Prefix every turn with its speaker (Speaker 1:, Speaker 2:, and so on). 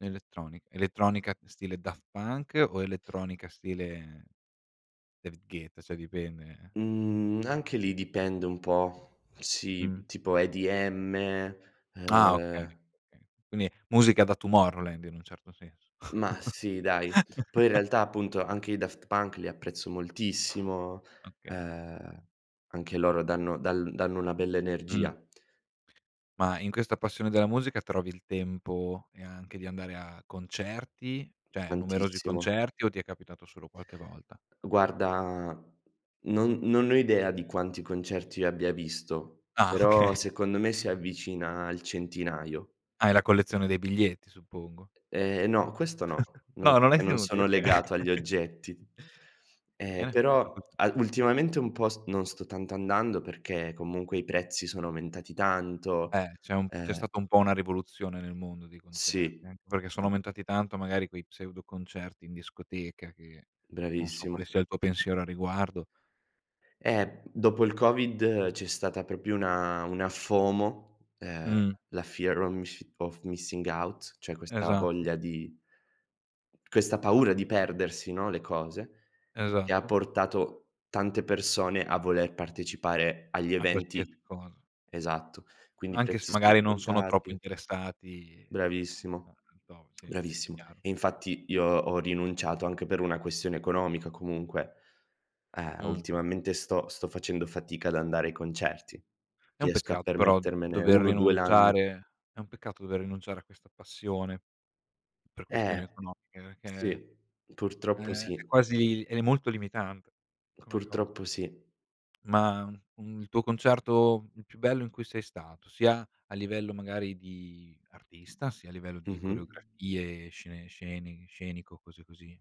Speaker 1: Elettronic elettronica stile Daft Punk o elettronica stile David Guetta? Cioè dipende eh
Speaker 2: Mhmm, anche lì, dipende un po'. Sì,
Speaker 1: Mh.
Speaker 2: uhm, tipo EDM,
Speaker 1: Ah, okay,
Speaker 2: uhm
Speaker 1: okay. Quindi musica da Tomorrowland, in un certo senso.
Speaker 2: Mah, sì, dai. Poi, in realtà appunto, anche i Daft Punk li apprezzo moltissimo.
Speaker 1: Okay.
Speaker 2: Uhm, anche loro danno dal danno una bella
Speaker 1: Mh.
Speaker 2: energia.
Speaker 1: Ma, in questa passione della musica, trovi il tempo e anche di andare a concerti cioè, numerosi
Speaker 2: Tantissimo.
Speaker 1: concerti o ti è capitato solo qualche volta?
Speaker 2: Guarda, non non ne ho idea, di quanti concerti io abbia visto.
Speaker 1: Ah, okay.
Speaker 2: Però secondo me, si avvicina al centinaio.
Speaker 1: Hai la collezione dei biglietti, suppongo.
Speaker 2: Ehm, no. Questo no. No,
Speaker 1: No, non l'hai
Speaker 2: perché non
Speaker 1: tenuti?
Speaker 2: sono
Speaker 1: Okay.
Speaker 2: legato agli oggetti. Ehm,
Speaker 1: Bene, giusto
Speaker 2: però,
Speaker 1: così.
Speaker 2: al ultimamente un po' s non sto tanto andando, perché comunque, i prezzi sono aumentati tanto,
Speaker 1: Eh, c'è un c'è
Speaker 2: ehm
Speaker 1: stata un po' una rivoluzione nel mondo dei concerti.
Speaker 2: Sì.
Speaker 1: Anche perché, sono
Speaker 2: Uhm
Speaker 1: aumentati tanto, magari, quei pseudo concerti in discoteca, che non so
Speaker 2: Bravissimo.
Speaker 1: quale sia il tuo pensiero a riguardo
Speaker 2: Eh, b dopo il COVID, c'è stata proprio una una FOMO, ehm,
Speaker 1: Mh.
Speaker 2: la fear of misci of missing out cioè questa
Speaker 1: Esatto.
Speaker 2: voglia di questa paura di perdersi, no, le cose. Che ha
Speaker 1: Esatto.
Speaker 2: portato tante persone a voler partecipare agli
Speaker 1: A qualsiasi
Speaker 2: eventi
Speaker 1: cosa.
Speaker 2: esatto. Quindi, i
Speaker 1: Anche se
Speaker 2: prezzi sono
Speaker 1: magari non sono troppo
Speaker 2: aumentati
Speaker 1: interessati
Speaker 2: Bravissimo,
Speaker 1: a [unintelligible] sì, sì,
Speaker 2: bravissimo.
Speaker 1: chiaro.
Speaker 2: E infatti, io ho rinunciato anche per una questione economica comunque. Ehm,
Speaker 1: Mh.
Speaker 2: ultimamente sto sto facendo fatica ad andare ai concerti.
Speaker 1: È un
Speaker 2: Riesco a
Speaker 1: peccato però,
Speaker 2: permettermene
Speaker 1: dover
Speaker 2: 1-2 l'ann
Speaker 1: rinunciare è un peccato dover rinunciare a questa passione, per questioni
Speaker 2: Eh,
Speaker 1: economiche, perché,
Speaker 2: sì. Purtroppo
Speaker 1: ehm, è
Speaker 2: sì.
Speaker 1: quasi ed è molto limitante come cosa.
Speaker 2: Purtroppo sì.
Speaker 1: Ma, un il tuo concerto il più bello in cui sei stato? Sia a livello, magari, di artista, sia a livello di
Speaker 2: Mh-mh.
Speaker 1: coreografie, scene sceni scenico, cose così.